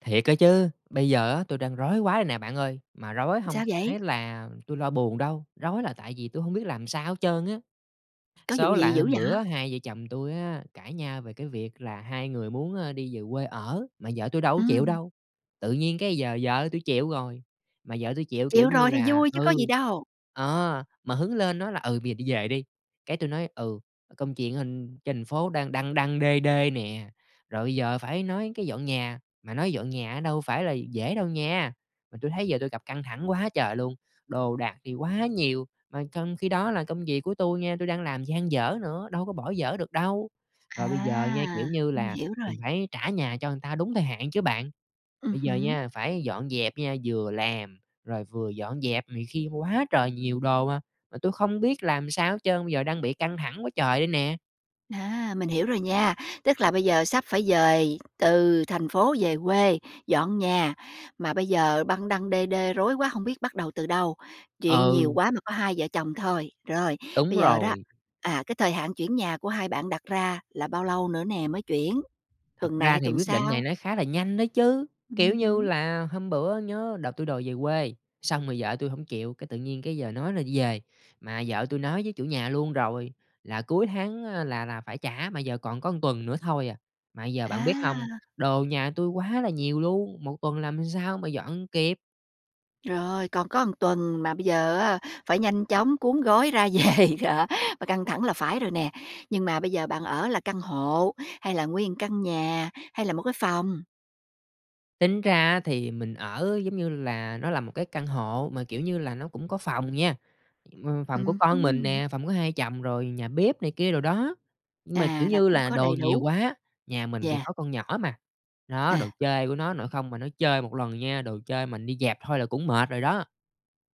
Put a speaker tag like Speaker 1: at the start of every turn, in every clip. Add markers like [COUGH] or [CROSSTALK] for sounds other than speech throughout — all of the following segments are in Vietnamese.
Speaker 1: Thiệt á chứ, bây giờ á, tui đang rối quá đây nè bạn ơi! Mà rối hông
Speaker 2: Sao vậy?
Speaker 1: phải là tui lo buồn đâu, rối là tại vì tui hông biết làm sao hết trơn á.
Speaker 2: Có vụ
Speaker 1: Số
Speaker 2: gì
Speaker 1: là
Speaker 2: dữ
Speaker 1: hôm
Speaker 2: vậy?
Speaker 1: bữa á, hai vợ chồng tui á cãi nhau về cái việc là hai người muốn, a, đi về quê ở, mà vợ tui đâu có chịu
Speaker 2: Ừm.
Speaker 1: đâu, tự nhiên cái giờ vợ tui chịu rồi, mà vợ tui chịu, kiểu
Speaker 2: Chịu
Speaker 1: như
Speaker 2: rồi thì
Speaker 1: là
Speaker 2: vui chứ có
Speaker 1: ừ,
Speaker 2: gì đâu?
Speaker 1: ờ, mà hứng lên nói là "Ừ, bây giờ đi về đi", cái tui nói "Ừ, công chuyện anh trên thành phố đang đăng đăng đê đê nè". Rồi bây giờ phải nói cái dọn nhà, mà nói dọn nhà á đâu phải là dễ đâu nha, mà tui thấy giờ tui gặp căng thẳng quá trời luôn! Đồ đạc thì quá nhiều mà trong khi đó là công việc của tui nha tui đang làm dang dở nữa, đâu có bỏ dở được đâu? Rồi bây giờ nha,
Speaker 2: À,
Speaker 1: kiểu như
Speaker 2: mình
Speaker 1: là,
Speaker 2: hiểu rồi.
Speaker 1: mình phải trả nhà cho người ta đúng thời hạn chứ bạn.
Speaker 2: Ừm
Speaker 1: Bây giờ
Speaker 2: hứm.
Speaker 1: nha, phải dọn dẹp nha, vừa làm, rồi vừa dọn dẹp này kia quá trời nhiều đồ hà, mà tui không biết làm sao hết trơn, bây giờ đang bị căng thẳng quá trời đây nè!
Speaker 2: A, mình hiểu rồi nha, tức là bây giờ sắp phải dời từ thành phố về quê, dọn nhà, mà bây giờ băng đăng đê đê rối quá hông biết bắt đầu từ đâu. Chuyện nhiều
Speaker 1: Ừ.
Speaker 2: quá mà có hai vợ chồng thôi. Rồi,
Speaker 1: Đúng
Speaker 2: bây giờ đó,
Speaker 1: rồi.
Speaker 2: à, cái thời hạn chuyển nhà của 2 bạn đặt ra là bao lâu nữa nè mới chuyển,
Speaker 1: Thật
Speaker 2: tuần này
Speaker 1: ra
Speaker 2: hay
Speaker 1: thì
Speaker 2: tuần
Speaker 1: quyết định này
Speaker 2: sau?
Speaker 1: nó khá là nhanh đó chứ, kiểu
Speaker 2: Ừm
Speaker 1: như
Speaker 2: hứm.
Speaker 1: là, hôm bữa nhớ đợt tui đòi về quê, xong rồi vợ tui hổng chịu, cái tự nhiên cái giờ nói là đi về, mà vợ tui nói với chủ nhà luôn rồi là cuối tháng á là là phải trả, mà giờ còn có 1 tuần nữa thôi à. Mà bây giờ bạn biết không,
Speaker 2: À.
Speaker 1: đồ nhà tui quá là nhiều luôn, 1 tuần làm sao mà dọn kịp?
Speaker 2: Rồi, còn có 1 tuần, mà bây giờ á phải nhanh chóng cuốn gói ra về, đó, và căng thẳng là phải rồi nè. Nhưng mà bây giờ bạn ở là căn hộ, hay là nguyên 1 căn nhà, hay là 1 cái phòng?
Speaker 1: Tính ra á thì mình ở, giống như là, nó là 1 cái căn hộ mà, kiểu như là, nó cũng có phòng nha. Ừm, phòng của
Speaker 2: Ừm
Speaker 1: con mình
Speaker 2: hứm.
Speaker 1: nè, phòng của hai chồng, rồi nhà bếp này kia đồ đó. Nhưng mà, kiểu
Speaker 2: À, là
Speaker 1: như
Speaker 2: cũng
Speaker 1: là,
Speaker 2: có
Speaker 1: đồ
Speaker 2: đầy
Speaker 1: nhiều
Speaker 2: đủ.
Speaker 1: quá, nhà mình thì
Speaker 2: Yeah.
Speaker 1: có con nhỏ mà, đó, đồ
Speaker 2: À.
Speaker 1: chơi của nó nội không mà nó chơi một lần nha, đồ chơi mình đi dẹp thôi là cũng mệt rồi đó.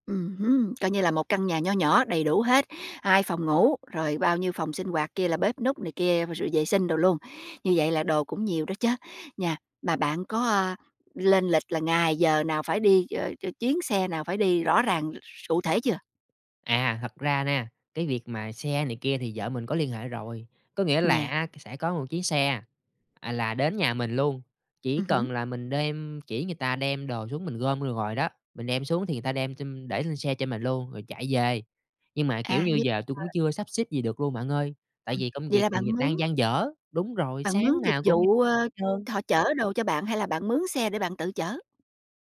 Speaker 2: Ừm hứm. Coi như là một căn nhà nho nhỏ đầy đủ hết, 2 phòng ngủ, rồi bao nhiêu phòng sinh hoạt kia, là bếp núc này kia, rồi vệ sinh đồ luôn, như vậy là đồ cũng nhiều đó chớ, nha. Mà bạn có, ờ, lên lịch là ngày, giờ nào phải đi ch chuyến chuyến xe nào phải đi rõ ràng s cụ thể chưa?
Speaker 1: À, thật ra nè, cái việc mà xe này kia thì vợ mình có liên hệ rồi. Có nghĩa là
Speaker 2: Yeah.
Speaker 1: á cái sẽ có một chiếc xe, à, là đến nhà mình luôn, chỉ
Speaker 2: Ừm hứm.
Speaker 1: cần là mình đem chỉ người ta đem đồ xuống, mình gom vô rồi đó, mình đem xuống thì người ta đem chem để lên xe cho mình luôn, rồi chạy về. Nhưng mà, kiểu
Speaker 2: À,
Speaker 1: như,
Speaker 2: nhưng
Speaker 1: giờ tui
Speaker 2: mà
Speaker 1: cũng chưa sắp xếp gì được luôn bạn ơi, tại
Speaker 2: Ừm.
Speaker 1: vì công
Speaker 2: Vậy
Speaker 1: việc
Speaker 2: là
Speaker 1: còn
Speaker 2: bạn
Speaker 1: d
Speaker 2: mướn
Speaker 1: đang dang dở đúng rồi,
Speaker 2: bạn mướn
Speaker 1: sáng
Speaker 2: dịch
Speaker 1: nào cũng đi [UNINTELLIGIBLE]
Speaker 2: vụ, ờ,
Speaker 1: hết trơn.
Speaker 2: thọ chở đồ cho bạn, hay là bạn mướn xe để bạn tự chở?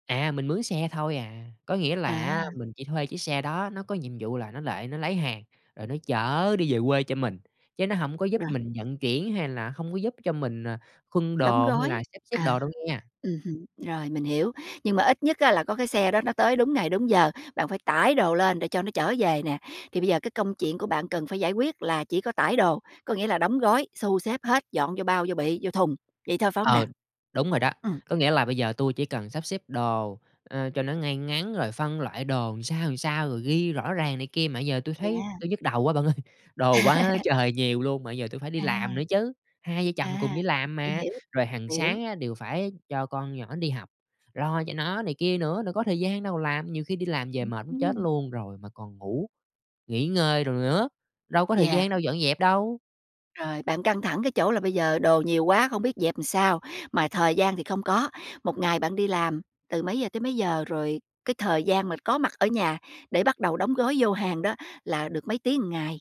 Speaker 1: À, mình mướn xe thôi à. Có nghĩa là á
Speaker 2: À.
Speaker 1: mình chỉ thuê chiếc xe đó, nó có nhiệm vụ là nó lại nó lấy hàng rồi nó chở đi về quê cho mình, chứ nó hổng có giúp
Speaker 2: Rồi.
Speaker 1: mình vận chuyển hay là không có giúp cho mình, à, khuân
Speaker 2: Đóng
Speaker 1: đồ hay
Speaker 2: gói.
Speaker 1: là sắp xếp
Speaker 2: À.
Speaker 1: đồ đâu nghen.
Speaker 2: Ừm hứm. Rồi, mình hiểu, nhưng mà ít nhất á là có cái xe đó nó tới đúng ngày đúng giờ, bạn phải tải đồ lên để cho nó chở về nè. Thì bây giờ cái công chuyện của bạn cần phải giải quyết là chỉ có tải đồ, có nghĩa là đóng gói, xu xếp hết, dọn vô bao, vô bị, vô thùng, vậy thôi phải hông nè?
Speaker 1: Ờ, đúng rồi đó.
Speaker 2: Ừm.
Speaker 1: Có nghĩa là bây giờ tui chỉ cần sắp xếp đồ, ơ, cho nó ngay ngắn rồi phân loại đồ làm sao, làm sao, rồi ghi rõ ràng này kia, mà giờ tui thấy
Speaker 2: Yeah.
Speaker 1: tui nhức đầu quá bạn ơi, đồ quá
Speaker 2: [CHUCKLES]
Speaker 1: trời nhiều luôn, mà giờ tui phải đi
Speaker 2: À.
Speaker 1: làm nữa chứ, hai vợ chồng cùng
Speaker 2: À,
Speaker 1: đi làm
Speaker 2: hiểu,
Speaker 1: mà.
Speaker 2: hiểu.
Speaker 1: Rồi hàng
Speaker 2: Hiểu.
Speaker 1: sáng á đều phải cho con nhỏ đi học, lo cho nó này kia nữa, đâu có thời gian đâu làm, nhiều khi đi làm về
Speaker 2: Ừm
Speaker 1: mệt muốn chết
Speaker 2: hứm.
Speaker 1: luôn rồi mà còn ngủ, nghỉ ngơi đồ nữa, đâu có thời
Speaker 2: Yeah.
Speaker 1: gian đâu dọn dẹp đâu.
Speaker 2: Rồi, bạn căng thẳng cái chỗ là bây giờ đồ nhiều quá không biết dẹp sao, mà thời gian thì không có. 1 ngày bạn đi làm từ mấy giờ tới mấy giờ? Rồi cái thời gian mà có mặt ở nhà để bắt đầu đóng gói vô hàng đó là được mấy tiếng một ngày?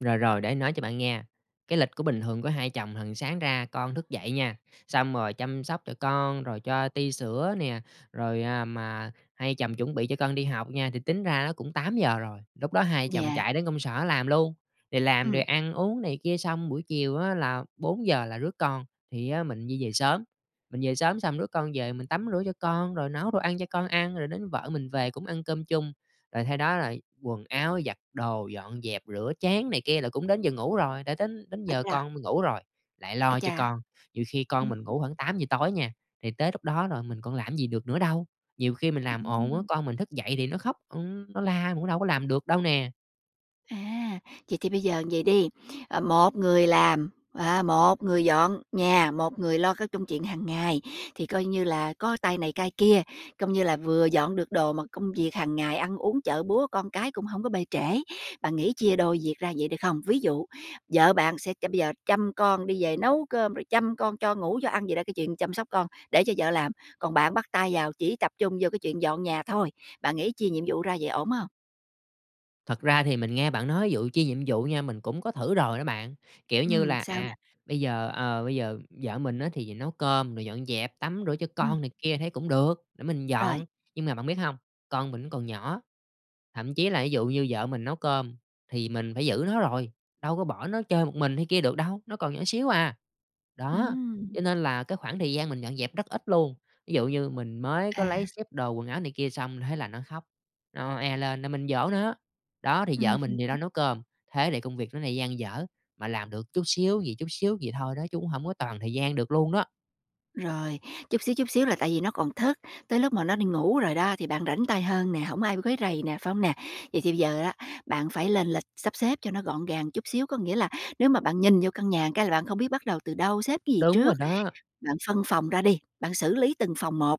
Speaker 1: Rồi, rồi để mà nói cho bạn nghe, cái lịch của bình thường của hai vợ chồng hằng sáng ra, con thức dậy nha, xong rồi chăm sóc cho con, rồi cho ti sữa nè, rồi, à, mà hai vợ chồng chuẩn bị cho con đi học nha, thì tính ra cũng 8:00 giờ rồi, lúc đó hai vợ chồng
Speaker 2: Yeah.
Speaker 1: chạy đến công sở làm luôn, rồi làm, rồi
Speaker 2: Ừm.
Speaker 1: ăn uống này kia xong buổi chiều á là 4:00 giờ là rước con thì á mình di về sớm. Mình về sớm xong đứa con về mình tắm rửa cho con, rồi nấu đồ ăn cho con ăn, rồi đến vợ mình về cũng ăn cơm chung, rồi sau đó là quần áo, giặt đồ, dọn dẹp, rửa chén này kia là cũng đến giờ ngủ rồi, đã đến đến
Speaker 2: À
Speaker 1: giờ
Speaker 2: cha.
Speaker 1: con mình ngủ rồi, lại
Speaker 2: Ấy
Speaker 1: lo cho
Speaker 2: chà!
Speaker 1: con, nhiều khi con
Speaker 2: Ừm.
Speaker 1: mình ngủ khoảng 8:00 giờ tối nha, thì tới lúc đó rồi mình còn làm gì được nữa đâu. Nhiều khi mình làm
Speaker 2: Ừm,
Speaker 1: ồn quá,
Speaker 2: ừm.
Speaker 1: con mình thức dậy thì nó khóc, ừm, nó la, cũng đâu có làm được đâu nè.
Speaker 2: À, vậy thì bây giờ vậy đi, ờ, một người làm, ờ, một người dọn nhà, một người lo cái công chuyện hàng ngày, thì coi như là có tay này, tay kia, coi như là vừa dọn được đồ mà công việc hàng ngày ăn uống, chợ búa, con cái cũng hông có bê trễ. Bạn nghĩ chia đôi việc ra vậy, được không? Ví dụ vợ bạn sẽ bây giờ chăm con đi về nấu cơm, rồi chăm con cho ngủ, cho ăn vậy đó cái chuyện chăm sóc con, để cho vợ làm, còn bạn bắt tay vào chỉ tập trung vô cái chuyện dọn nhà thôi, bạn nghĩ chia nhiệm vụ ra vậy ổn hông?
Speaker 1: Thật ra thì mình nghe bạn nói vụ chia nhiệm vụ nha, mình cũng có thử rồi đó bạn. Kiểu như
Speaker 2: Ừm,
Speaker 1: là,
Speaker 2: sao nè?
Speaker 1: à, bây giờ, ờ, bây giờ vợ mình á, thì nấu cơm rồi dọn dẹp, tắm rửa cho
Speaker 2: Ừm.
Speaker 1: con này kia thấy cũng được, để mình
Speaker 2: Rồi.
Speaker 1: dọn. Nhưng mà bạn biết hông? Con mình còn nhỏ, thậm chí là ví dụ như vợ mình nấu cơm thì mình phải giữ nó rồi, đâu có bỏ nó chơi một mình hay kia được đâu, nó còn nhỏ xíu à. Đó,
Speaker 2: Ừm.
Speaker 1: cho nên là cái khoảng thời gian mình dọn dẹp rất ít luôn. Ví dụ như mình mới có lấy
Speaker 2: À.
Speaker 1: xếp đồ quần áo này kia xong thế là nó khóc, nó oe lên là mình dỗ nó, đ,ó thì vợ
Speaker 2: Ừm hứm.
Speaker 1: mình thì đang nấu cơm. Thế thì công việc nó lại dang dở, mà làm được chút xíu vậy, chút xíu vậy thôi đó chứ cũng hông có toàn thời gian được luôn đó.
Speaker 2: Rồi, chút xíu, chút xíu là tại vì nó còn thức, tới lúc mà nó đi ngủ rồi đó thì bạn rảnh tay hơn nè, hổng ai quấy rầy nè, phải hông nè? Vậy thì bây giờ á, bạn phải lên lịch sắp xếp cho nó gọn gàng chút xíu. Có nghĩa là nếu mà bạn nhìn vô căn nhà cái là bạn không biết bắt đầu từ đâu, xếp cái gì
Speaker 1: Đúng rồi
Speaker 2: trước,
Speaker 1: đó.
Speaker 2: bạn phân phòng ra đi, bạn xử lý từng phòng một,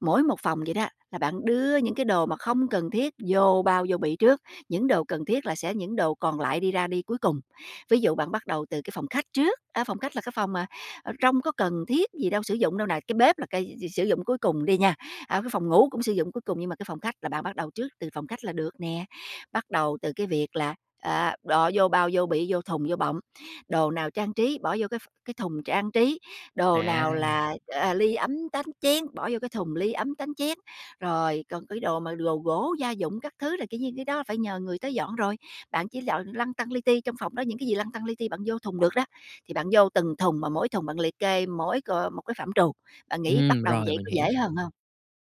Speaker 2: mỗi một phòng vậy đó là bạn đưa những cái đồ mà không cần thiết vô bao, vô bị trước, những đồ cần thiết là sẽ những đồ còn lại đi ra đi cuối cùng. Ví dụ bạn bắt đầu từ cái phòng khách trước, á, phòng khách là cái phòng mà, ờ, trong có cần thiết gì đâu, sử dụng đâu nè, cái bếp là cái s sử dụng cuối cùng đi nha, à, cái phòng ngủ cũng sử dụng cuối cùng nhưng mà cái phòng khách là bạn bắt đầu trước từ phòng khách là được nè. Bắt đầu từ cái việc là, à, bỏ vô bao, vô bị, vô thùng, vô bọng, đồ nào trang trí, bỏ vô cái ph cái thùng trang trí, đồ nào
Speaker 1: À.
Speaker 2: là, à, ly, ấm, tách, chén, bỏ vô cái thùng ly, ấm, tánh, chén. Rồi còn cái đồ mà đồ gỗ gia dụng các thứ là, kiểu như, cái đó phải nhờ người tới dọn rồi. Bạn chỉ dọn lăn tăn li ti, trong phòng đó những cái gì lăn tăn li ti bạn vô thùng được đó, thì bạn vô từng thùng mà mỗi thùng bạn liệt kê mỗi c một cái phạm trù, bạn nghĩ bắt
Speaker 1: Ừm,
Speaker 2: đầu
Speaker 1: rồi
Speaker 2: vậy
Speaker 1: mình
Speaker 2: có
Speaker 1: hiểu.
Speaker 2: dễ hơn hông?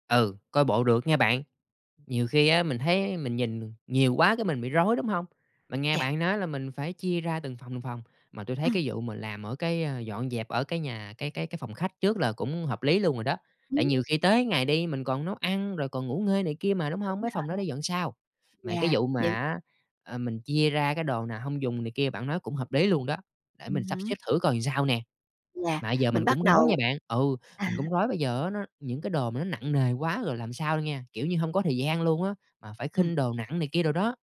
Speaker 1: Ừ, coi bộ được nhe bạn, nhiều khi á, mình thấy mình nhìn nhiều quá cái mình bị rối, đúng hông? Mình nghe
Speaker 2: Chà.
Speaker 1: bạn nói là mình phải chia ra từng phòng, từng phòng, mà tui thấy
Speaker 2: Ừm.
Speaker 1: cái vụ mà làm ở cái, ơ, dọn dẹp ở cái nhà, cái cái cái phòng khách trước là cũng hợp lý luôn rồi đó, tại
Speaker 2: Ứm.
Speaker 1: nhiều khi tới ngày đi mình còn nấu ăn rồi còn ngủ nghê này kia mà, đúng
Speaker 2: Đúng
Speaker 1: hông? Mấy phòng
Speaker 2: rồi.
Speaker 1: đó để dọn sau, mà cái
Speaker 2: Yeah,
Speaker 1: vụ mà
Speaker 2: nhưng
Speaker 1: á, ờ, mình chia ra cái đồ nào hông dùng này kia bạn nói cũng hợp lý luôn đó, để
Speaker 2: Ừm
Speaker 1: mình sắp
Speaker 2: hứm.
Speaker 1: xếp thử coi sao nè.
Speaker 2: Là
Speaker 1: Mà bây giờ
Speaker 2: mình
Speaker 1: mình
Speaker 2: bắt
Speaker 1: cũng rối nha
Speaker 2: đầu
Speaker 1: bạn ừ,
Speaker 2: à.
Speaker 1: mình cũng rối bây giờ á, nó những cái đồ mà nó nặng nề quá rồi làm sao nha, kiểu như, hông có thời gian luôn á, mà phải
Speaker 2: Ừm.
Speaker 1: khinh đồ nặng này kia đồ đó.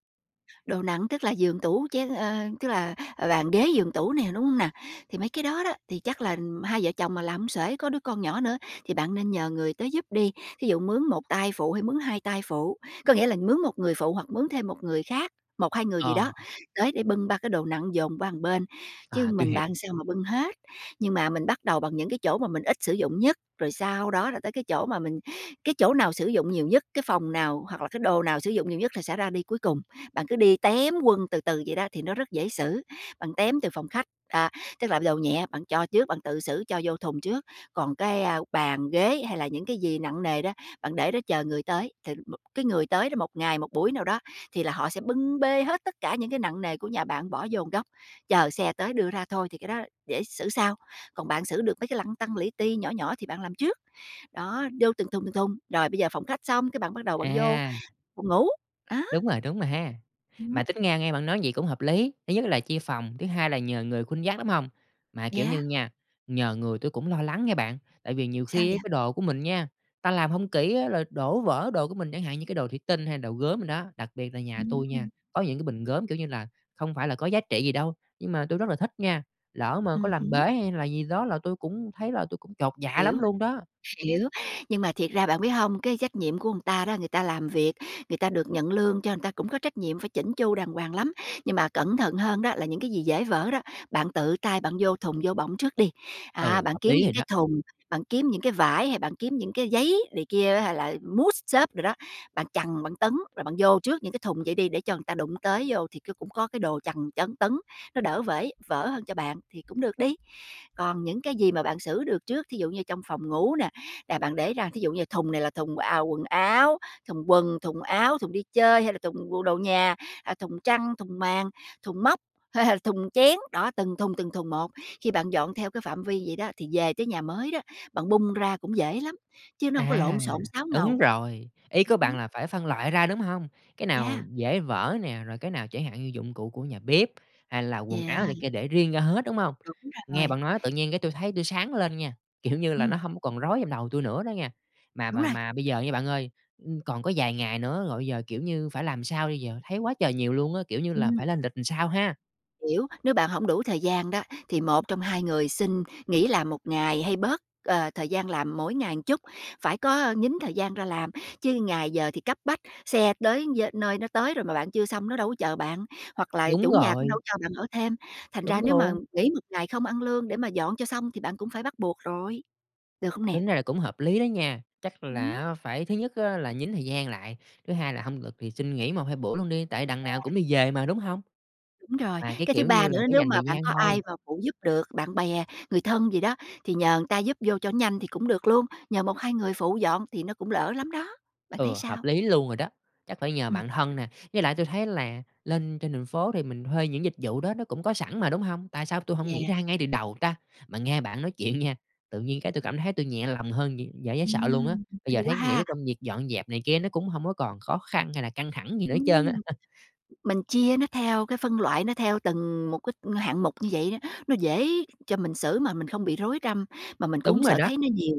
Speaker 2: Đồ nặng tức là giường, tủ, chén, ơ, tức là, ờ, bàn ghế, giường tủ nè, đúng hông nè? Thì mấy cái đó đó, thì chắc là hai vợ chồng mà làm hông xuể, có đứa con nhỏ nữa, thì bạn nên nhờ người tới giúp đi, thí dụ mướn 1 tay phụ, hay mướn 2 tay phụ, có nghĩa là mướn một người phụ hoặc mướn thêm một người khác, 1, 2 người gì đó,
Speaker 1: Ờ.
Speaker 2: tới để bưng ba cái đồ nặng dồn qua một bên, chứ
Speaker 1: À, tui
Speaker 2: mình
Speaker 1: hiểu.
Speaker 2: bạn sao mà bưng hết. Nhưng mà mình bắt đầu bằng những cái chỗ mà mình ít sử dụng nhất, rồi sau đó là tới cái chỗ mà mình cái chỗ nào sử dụng nhiều nhất, cái phòng nào hoặc là cái đồ nào sử dụng nhiều nhất thì sẽ ra đi cuối cùng, bạn cứ đi tém quân từ từ vậy đó, thì nó rất dễ xử. Bạn tém từ phòng khách, à, tức là đồ nhẹ bạn cho trước, bạn tự xử cho vô thùng trước, còn cái, a, bàn ghế hay là những cái gì nặng nề đó, bạn để đó chờ người tới, thì m cái người tới đó một ngày, một buổi nào đó thì là họ sẽ bưng bê hết tất cả những cái nặng nề của nhà bạn bỏ vô một góc, chờ xe tới đưa ra thôi thì cái đó để xử sau. Còn bạn xử được mấy cái lăn tăn, li ti, nhỏ nhỏ thì bạn làm trước, đó, vô từng thùng, từng thùng, rồi bây giờ phòng khách xong cái bạn bắt đầu bạn vô
Speaker 1: À.
Speaker 2: phòng ngủ, đó.
Speaker 1: Đúng rồi, đúng rồi ha. Mà
Speaker 2: Ừm.
Speaker 1: tính ra nghe bạn nói vậy cũng hợp lý, thứ nhất là chia phòng, thứ hai là nhờ người khuân vác, đúng hông? Mà, kiểu như
Speaker 2: Yeah.
Speaker 1: nha, nhờ người tui cũng lo lắng nghen bạn, tại vì nhiều
Speaker 2: Sao
Speaker 1: khi á,
Speaker 2: vậy?
Speaker 1: cái đồ của mình nha, ta làm hông kỹ á, rồi đổ vỡ đồ của mình chẳng hạn như cái đồ thủy tinh hay đồ gốm đồ đó. Đặc biệt là nhà
Speaker 2: Ưm
Speaker 1: tui nha
Speaker 2: hừm.
Speaker 1: có những cái bình gốm, kiểu như là, không phải là có giá trị gì đâu, nhưng mà tui rất là thích nha, lỡ mà có
Speaker 2: Ừm
Speaker 1: làm bể
Speaker 2: hứm.
Speaker 1: hay là gì đó là tui cũng thấy là tui cũng chột dạ
Speaker 2: Hiểu,
Speaker 1: lắm luôn đó.
Speaker 2: hiểu. Nhưng mà thiệt ra bạn biết hông, cái trách nhiệm của người ta đó, người ta làm việc, người ta được nhận lương cho người ta cũng có trách nhiệm phải chỉn chu đàng hoàng lắm, nhưng mà cẩn thận hơn đó là những cái gì dễ vỡ đó, bạn tự tay bạn vô thùng, vô bọng trước đi. À,
Speaker 1: Ừ,
Speaker 2: bạn
Speaker 1: hợp
Speaker 2: kiếm
Speaker 1: lý
Speaker 2: những
Speaker 1: rồi đó.
Speaker 2: cái thùng, bạn kiếm những cái vải, hay bạn kiếm những cái giấy này kia đó hay là mút xốp đồ đó, bạn chằn, bạn tấn, rồi bạn vô trước những cái thùng vậy đi để cho người ta đụng tới vô thì c cũng có cái đồ chằn, chấn, tấn, nó đỡ vể vỡ hơn cho bạn thì cũng được đi. Còn những cái gì mà bạn xử được trước, thí dụ như trong phòng ngủ nè, là bạn để ra thí dụ như thùng này là thùng, à, quần áo, thùng quần, thùng áo, thùng đi chơi hay là thùng bộ đồ nhà, à, thùng chăn, thùng màn, thùng móc, hay là thùng chén. Đó, từng thùng, từng thùng một, khi bạn dọn theo cái phạm vi vậy đó, thì về tới nhà mới đó, bạn bung ra cũng dễ lắm, chứ nó hông có
Speaker 1: À,
Speaker 2: lộn xộn, xáo
Speaker 1: đúng
Speaker 2: ngầu.
Speaker 1: rồi, ý của
Speaker 2: Ừm
Speaker 1: bạn
Speaker 2: hứm.
Speaker 1: là phải phân loại ra, đúng hông? Cái nào
Speaker 2: Yeah.
Speaker 1: dễ vỡ nè, rồi cái nào chẳng hạn như dụng cụ của nhà bếp, hay là quần áo này
Speaker 2: Yeah.
Speaker 1: kia để riêng ra hết, đúng hông?
Speaker 2: Đúng
Speaker 1: Nghe
Speaker 2: rồi.
Speaker 1: bạn nói tự nhiên cái tui thấy tui sáng lên nha, kiểu như là, nó
Speaker 2: Ừm.
Speaker 1: hổng còn rối trong đầu tui nữa đó nha. Mà
Speaker 2: Đúng
Speaker 1: mà
Speaker 2: rồi.
Speaker 1: mà bây giờ nha bạn ơi, ưm, còn có vài ngày nữa rồi bây giờ, kiểu như, phải làm sao bây giờ, thấy quá trời nhiều luôn á, kiểu như là,
Speaker 2: Ừm.
Speaker 1: phải lên lịch làm sao ha?
Speaker 2: Hiểu, nếu bạn hổng đủ thời gian đó, thì một trong hai người xin nghỉ làm một ngày hay bớt, ờ, thời gian làm mỗi ngày chút, phải có, ơ, nhính thời gian ra làm chứ ngày giờ thì cấp bách, xe tới giơ nơi, nó tới rồi mà bạn chưa xong nó đâu có chờ bạn, hoặc là
Speaker 1: Đúng
Speaker 2: chủ nhà cũng đâu
Speaker 1: rồi.
Speaker 2: có cho bạn ở thêm. Thành ra
Speaker 1: Đúng
Speaker 2: nếu mà
Speaker 1: luôn.
Speaker 2: nghỉ một ngày không ăn lương để mà dọn cho xong thì bạn cũng phải bắt buộc rồi, được không nè?
Speaker 1: Tính ra là cũng hợp lý đó nha, chắc là
Speaker 2: Ừm.
Speaker 1: á, phải thứ nhất là nhín thời gian lại, thứ hai là hông được thì xin nghỉ 1, 2 bữa luôn đi, tại đằng nào
Speaker 2: Yeah.
Speaker 1: cũng đi về mà, đúng hông?
Speaker 2: Đúng rồi.
Speaker 1: Mà cái
Speaker 2: Cái thứ
Speaker 1: kiểu
Speaker 2: ba
Speaker 1: như là
Speaker 2: nữa
Speaker 1: phải
Speaker 2: nếu
Speaker 1: dành
Speaker 2: mà
Speaker 1: thời
Speaker 2: bạn
Speaker 1: gian
Speaker 2: có ai
Speaker 1: thôi.
Speaker 2: mà phụ giúp được, bạn bè, người thân gì đó, thì nhờ người ta giúp vô cho nhanh thì cũng được luôn, nhờ 1, 2 người phụ dọn thì nó cũng lỡ lắm đó, bạn thấy
Speaker 1: Ừ, hợp
Speaker 2: sao?
Speaker 1: lý luôn rồi đó, chắc phải nhờ
Speaker 2: Ừm.
Speaker 1: bạn thân nè với lại tui thấy là lên trên thành phố thì mình thuê những dịch vụ đó nó cũng có sẵn mà, đúng hông? Tại sao tui hông nghĩ
Speaker 2: Yeah.
Speaker 1: ra ngay từ đầu ta? Mà nghe bạn nói chuyện nha, tự nhiên cái tui cảm thấy tui nhẹ lòng hơn d dễ dễ sợ luôn á,
Speaker 2: Ừm,
Speaker 1: bây
Speaker 2: hay
Speaker 1: giờ thấy
Speaker 2: quá
Speaker 1: cái nghĩ
Speaker 2: ha!
Speaker 1: cái công việc dọn dẹp này kia nó cũng hổng có còn khó khăn hay là căng thẳng gì nữa hết trơn á.
Speaker 2: Ừm.
Speaker 1: [CHUCKLES]
Speaker 2: Mình chia nó theo cái phân loại nó theo từng một cái hạng mục như vậy đó, nó dễ cho mình xử mà mình không bị rối răm, mà mình cũng hông
Speaker 1: Đúng rồi
Speaker 2: sợ
Speaker 1: đó.
Speaker 2: thấy nó nhiều,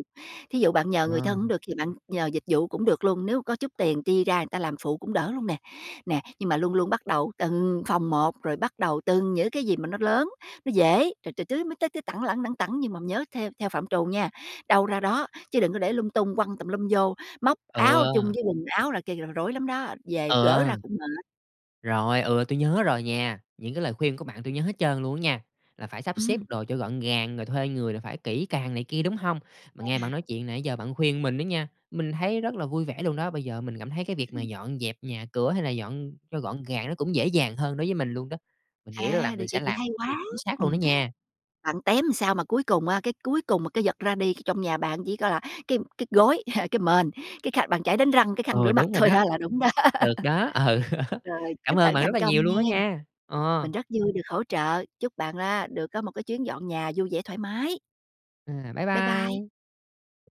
Speaker 2: thí dụ bạn nhờ người
Speaker 1: Ờ.
Speaker 2: thân hổng được thì bạn nhờ dịch vụ cũng được luôn, nếu có chút tiền chi ra người ta làm phụ cũng đỡ luôn nè. Nè, nhưng mà luôn luôn bắt đầu từng phòng một, rồi bắt đầu từng những cái gì mà nó lớn, nó dễ, rồi từ tứ mới tới tẳng lẳng, lẳng tẳng nhưng mà nhớ theo theo phạm trù nha, đâu ra đó, chứ đừng có để lung tung quăng tùm lum vô, móc áo chung
Speaker 1: Ừ.
Speaker 2: với quần áo là kia là rối lắm đó, về gỡ
Speaker 1: Ừ.
Speaker 2: ra cũng mệt.
Speaker 1: Rồi, ừ, tui nhớ rồi nha, những cái lời khuyên của bạn tui nhớ hết trơn luôn á nha, là phải sắp xếp
Speaker 2: Ừm.
Speaker 1: đồ cho gọn gàng, rồi thuê người là phải kỹ càng này kia, đúng hông? Mà
Speaker 2: Vậy
Speaker 1: nghe bạn
Speaker 2: hả?
Speaker 1: nói chuyện nãy giờ bạn khuyên mình đó nha, mình thấy rất là vui vẻ luôn đó, bây giờ mình cảm thấy cái
Speaker 2: Ừm
Speaker 1: việc mà
Speaker 2: hưm.
Speaker 1: dọn dẹp nhà cửa, hay là dọn cho gọn gàng nó cũng dễ dàng hơn đối với mình luôn đó. Mình nghĩ là
Speaker 2: À, được
Speaker 1: mình sẽ
Speaker 2: vậy thì
Speaker 1: làm
Speaker 2: hay
Speaker 1: được
Speaker 2: quá.
Speaker 1: chính xác luôn đó
Speaker 2: Ừm,
Speaker 1: nha.
Speaker 2: bạn tém sao mà cuối cùng, a, cái cuối cùng mà cái vật ra đi trong nhà bạn chỉ coi là cái cái gối, [CHUCKLES] cái mền, cái khăn bàn chải đánh răng, cái khăn rửa
Speaker 1: Ừ,
Speaker 2: mặt
Speaker 1: đúng rồi
Speaker 2: thôi
Speaker 1: đó.
Speaker 2: đó là đúng đó.
Speaker 1: Được đó, ừ,
Speaker 2: [LAUGHS]
Speaker 1: [LAUGHS]
Speaker 2: Rồi,
Speaker 1: cảm
Speaker 2: chúc
Speaker 1: ơn
Speaker 2: bạn
Speaker 1: bạn rất
Speaker 2: thành
Speaker 1: là
Speaker 2: công
Speaker 1: nhiều luôn đó
Speaker 2: nghen,
Speaker 1: nha.
Speaker 2: mình
Speaker 1: Ờ.
Speaker 2: rất vui được hỗ trợ. Chúc bạn á, được có một cái chuyến dọn nhà vui vẻ thoải mái.
Speaker 1: À, bye
Speaker 2: Bye bye!
Speaker 1: bye.